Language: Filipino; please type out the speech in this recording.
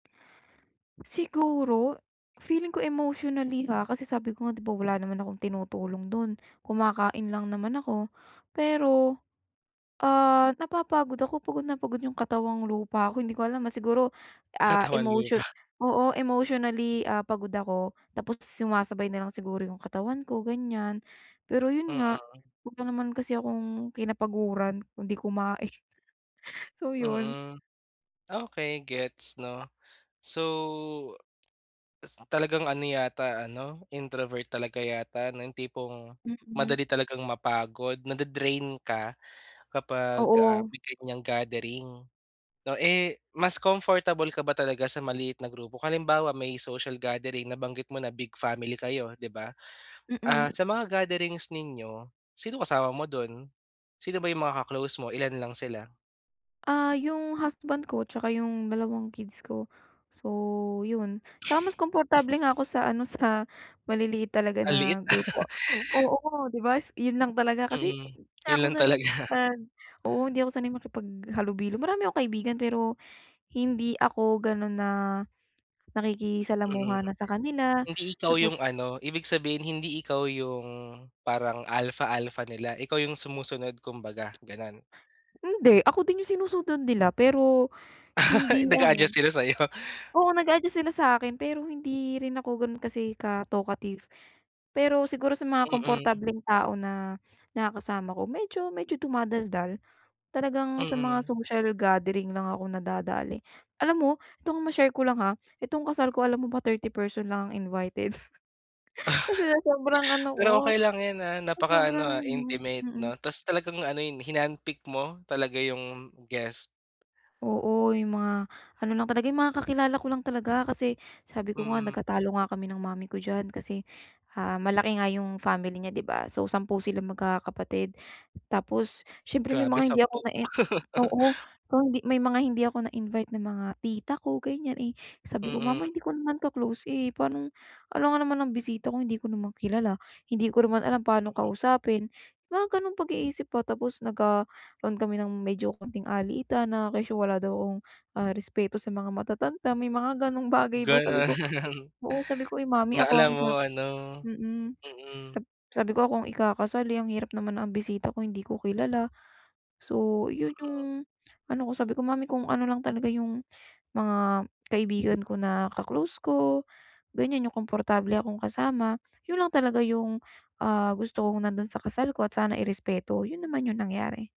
Siguro, feeling ko emotionally, ha, kasi sabi ko nga, 'di ba wala naman akong tinutulong do'n, kumakain lang naman ako. Pero, ah, napapagod ako, pagod na pagod yung katawang lupa ko. Hindi ko alam, ah, siguro, ah, Katawan emotion lupa. oo, emotionally, ah, pagod ako tapos sumasabay na lang siguro yung katawan ko, ganiyan. Pero 'yon nga, Mm. wala naman kasi akong kinapaguran kung 'di kumain. So, 'yon. Mm. Okey, gets 'no. So, s talagang ano yata ano, introvert talaga yata 'no, yung tipong Mm. madali talagang mapagod, nade-drain ka kapag, ah, Oo. may ganiyang gathering 'no. Eh, mas comfortable ka ba talaga sa maliit na grupo? Halimbawa, may social gathering, nabanggit mo na big family kayo, 'di ba? Ah, Mm. sa mga gatherings ninyo, sino kasama mo do'n? Sino ba yung mga ka-close mo? Ilan lang sila? Ah, yung husband ko, tsaka yung dalawang kids ko. So, 'yon. Tsaka mas komportable nga ako sa ano, sa maliliit talaga Ang liit, na ah. grupo. Oo, 'di ba, s 'yon lang talaga, kasi Mm, hindi 'yon na ako lang sanay talaga. makipag oo, hindi ako sanay makipaghalubilo. Marami akong kaibigan, pero hindi ako gano'n na, Mm, nakikisalamuha na sa kanila, hindi ikaw yung tapos ano, ibig sabihin, hindi ikaw yung parang alpha-alpha nila? Ikaw yung sumusunod kumbaga, gano'n? Hindi. Ako din yung sinusunod nila pero hindi Ay, ano nag-aadjust sila sa'yo? Oo, nag-a-adjust sila sa'kin. Pero hindi rin ako gano'n kasi ka-talkative. Pero siguro sa mga Mm. komportableng tao na nakakasama ko, medyo medyo dumadaldal. Talagang sa mga Mm. social gathering lang akong nadadali. Alam mo, itong ma-share ko lang, ha, itong kasal ko, alam mo ba 30 person lang ang invited, kasi sa sobrang ano ko, Pero okey lang 'yan, ah. sa Napakaano, sobrang ah, ano, intimate mm. 'no, ta's talagang ano 'yon, hinandpicked mo talaga yung guest. Oo, yung mga ano lang talaga, yung mga kakilala ko lang talaga. Kasi sabi ko nga, Mm. nagkatalo nga kami ng mommy ko diyan kasi, ah, malaki nga yung family niya, 'di ba? So, 10 silang magkakapatid. Tapos siyempre, may Grabe, mga hindi ako 10. nain oo, so hindi may mga hindi ako na-invite na mga tita ko, ganiyan. Eh, sabi ko, Mm. "Mama, hindi ko naman ka-close, eh. Pano'ng alangan naman ang bisita ko, hindi ko naman kilala, hindi ko naman alam pa'no Mm. kausapin." Mga gano'ng pag-iisip ba, tapos nagkaroon kami ng medyo kaunting alitan na kesyo wala daw akong, ah, respeto sa mga matatanda, may mga gano'ng bagay ba. Sabi ko, Gano'n. oo, Sabi ko, "Ay mommy Na ako ang alam mo ikakasal," ano, mm. mm. Sab sabi ko, "Ako ang ikakasal, eh. Ang hirap naman na ang bisita ko hindi ko kilala." So 'yon yung Oo. ano ko. Sabi ko, "Mommy kung ano lang talaga yung mga kaibigan ko, na ka-close ko, ganiyan yung komportable akong kasama, 'yon lang talaga yung, ah, gusto kong nando'n sa kasal ko at sana irespeto." 'Yon naman yung nangyari.